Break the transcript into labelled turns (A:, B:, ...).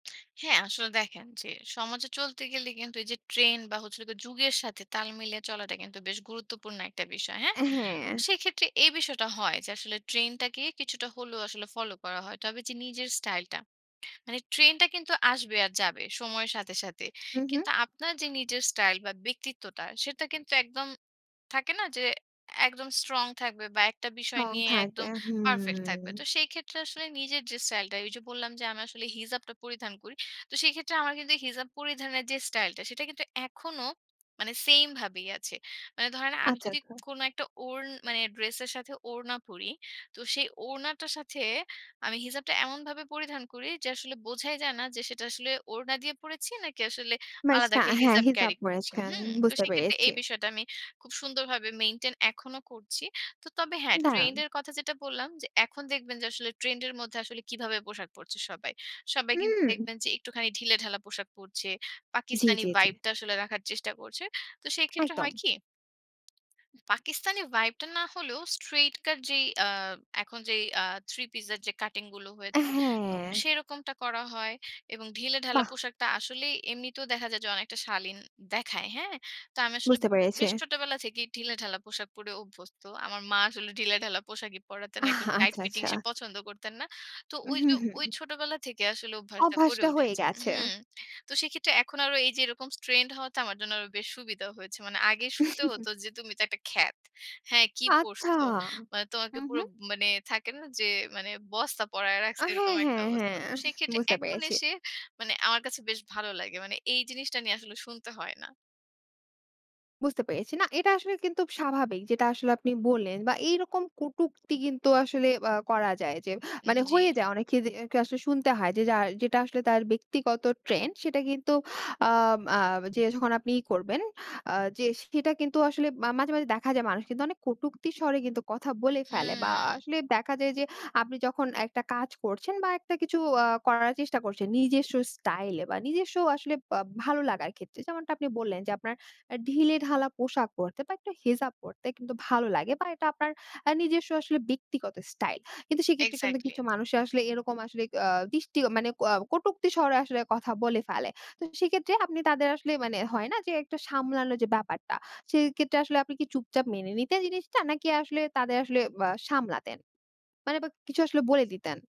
A: হ্যাঁ, আসলে দেখেন যে সমাজে চলতে গেলে কিন্তু এই যে ট্রেন্ড বা হচ্ছে হল গিয়ে যুগের সাথে তাল মিলিয়ে চলাটা কিন্তু বেশ গুরুত্বপূর্ণ একটা বিষয়। হ্যাঁ?
B: এ হ্যাঁ।
A: সেক্ষেত্রে এই বিষয়টা হয় যে, আসলে ট্রেন্ডটাকে কিছুটা হলেও আসলে ফলো করা হয়। তবে যে নিজের স্টাইলটা, মানে ট্রেন্ডটা কিন্তু আসবে আর যাবে সময়ের সাথে, সাথে।
B: উ হু।
A: কিন্তু আপনার যে নিজের স্টাইল বা ব্যক্তিত্বটা, সেটা কিন্তু একদম থাকে না, যে একদম স্ট্রং থাকবে, বা একটা বিষয়
B: স্ট্রং
A: নিয়ে
B: থাকবে,
A: একদম পারফেক্ট
B: হুম।
A: থাকবে। তো সেই ক্ষেত্রে আসলে নিজের যে স্টাইলটা, ওই যে বললাম, যে আমি আসলে হিজাবটা পরিধান করি। তো সেই ক্ষেত্রে আমার কিন্তু হিজাব পরিধানের যে স্টাইলটা, সেটা কিন্তু এখনো মানে সেমভাবেই আছে। মানে ধরেন, আমি
B: আচ্ছা,
A: যদি
B: আচ্ছা।
A: কোনো একটা ওড়ন মানে ড্রেসের সাথে ওড়না পরি, তো সেই ওড়নাটার সাথে আমি হিজাবটা এমনভাবে পরিধান করি যে, আসলে বোঝাই যায় না যে সেটা আসলে ওড়না দিয়ে পড়েছি, নাকি আসলে
B: মানে
A: আলাদা
B: স্টা
A: একটা
B: হ্যাঁ,
A: হিজাব
B: হিজাব
A: ক্যারি করছি,
B: পরেছেন
A: হু? তো
B: বুঝতে
A: সেক্ষেত্রে এই
B: পেরেছি।
A: বিষয়টা আমি খুব সুন্দরভাবে মেইনটেইন এখনো করছি। তো তবে হ্যাঁ,
B: দাঁড়ান।
A: ট্রেন্ডের কথা যেটা বললাম, যে এখন দেখবেন যে আসলে ট্রেন্ডের মধ্যে আসলে কিভাবে পোশাক পরছে সবাই। সবাই কিন্তু
B: উম
A: দেখবেন যে একটুখানি ঢিলেঢালা পোশাক পরছে।
B: জি,
A: পাকিস্তানি
B: জি, জি।
A: ভাইবটা আসলে রাখার চেষ্টা করছে। তো সেক্ষেত্রে
B: একদম।
A: হয় কি? পাকিস্তানি ভাইবটা না হলেও, স্ট্রেইট কাট এ যেই আ এখন যেই আ থ্রি পিসের যে কাটিংগুলো
B: এ
A: হয়েছে, তো
B: হ্যাঁ।
A: সেরকমটা করা হয়। এবং ঢিলেঢালা
B: বাহ!
A: পোশাকটা আসলেই এমনিতেও দেখা যায় যে অনেকটা শালীন দেখায়, হ্যাঁ? তো আমি আসলে
B: বুঝতে
A: উ
B: পেরেছি।
A: বেশ ছোটবেলা থেকেই ঢিলেঢালা পোশাক পরে অভ্যস্ত। আমার মা আসলে ঢিলেঢালা পোশাকেই পড়াতেন। একদম টাইট
B: আচ্ছা,
A: ফিটিং
B: আচ্ছা।
A: সে পছন্দ করতেন না। তো
B: উ
A: ওই
B: হু,
A: যে, ওই
B: হুম।
A: ছোটবেলা থেকে আসলে অভ্যাসটা গড়ে
B: অভ্যাসটা হয়ে
A: উঠেছে,
B: গেছে।
A: হুম। তো সেক্ষেত্রে এখন আরো এই যে এরকম ট্রেন্ড হওয়াটা আমার জন্য আরো বেশি সুবিধা হয়েছে। মানে আগে শুনতে হত যে, "তুমি তো একটা খ্যাত। হ্যাঁ, কি
B: আচ্ছা,
A: পড়ছো? মানে
B: উ
A: তোমাকে পুরো,
B: হু।
A: মানে থাকে না যে, মানে বস্তা পড়ায়
B: আ
A: রাখছে।" এরকম
B: হ্যাঁ,
A: একটা
B: হ্যাঁ,
A: অবস্থা।
B: হ্যাঁ,
A: তো সেক্ষেত্রে
B: বুঝতে
A: এখন
B: পেরেছি।
A: এসে, মানে আমার কাছে বেশ ভালো লাগে। মানে এই জিনিসটা নিয়ে আসলে শুনতে হয় না।
B: বুঝতে পেরেছি। না, এটা আসলে কিন্তু স্বাভাবিক, যেটা আসলে আপনি বললেন। বা এইরকম কটুক্তি কিন্তু আসলে আ করা যায় যে
A: উম
B: মানে,
A: জি।
B: হয়ে যায়। অনেকে দে আসলে শুনতে হয় যে, যা যেটা আসলে তার ব্যক্তিগত ট্রেন্ড, সেটা কিন্তু আ আ যে যখন আপনি ই করবেন, আ যে সেটা কিন্তু আসলে আ মাঝে, মাঝে দেখা যায় মানুষ অনেক কটুক্তির স্বরে কিন্তু কথা বলে ফেলে। বা
A: হুম।
B: আসলে দেখা যায় যে, আপনি যখন একটা কাজ করছেন, বা একটা কিছু আ করার চেষ্টা করছেন নিজেস্ব স্টাইলে বা নিজস্ব আসলে বা ভালো লাগার ক্ষেত্রে, যেমনটা আপনি বললেন যে, আপনার আ ঢিলেঢালা পোশাক পরতে বা একটু হিজাব পরতে কিন্তু ভালো লাগে বা এটা আপনার আ নিজস্ব আসলে ব্যক্তিগত স্টাইল। কিন্তু সেক্ষেত্রে কিন্তু
A: এক্সাক্টলি।
B: কিছু মানুষের আসলে এরকম আসলে আ দৃষ্টি আ মানে ক কটুক্তির স্বরে আসলে কথা বলে ফেলে। তো সেক্ষেত্রে আপনি তাদের আসলে, মানে হয় না যে, একটু সামলানোর যে ব্যাপারটা, সেক্ষেত্রে আসলে আপনি কি চুপচাপ মেনে নিতেন জিনিসটা? নাকি আসলে তাদের আসলে আ সামলাতেন? মানে, বা কিছু আসলে বলে দিতেন?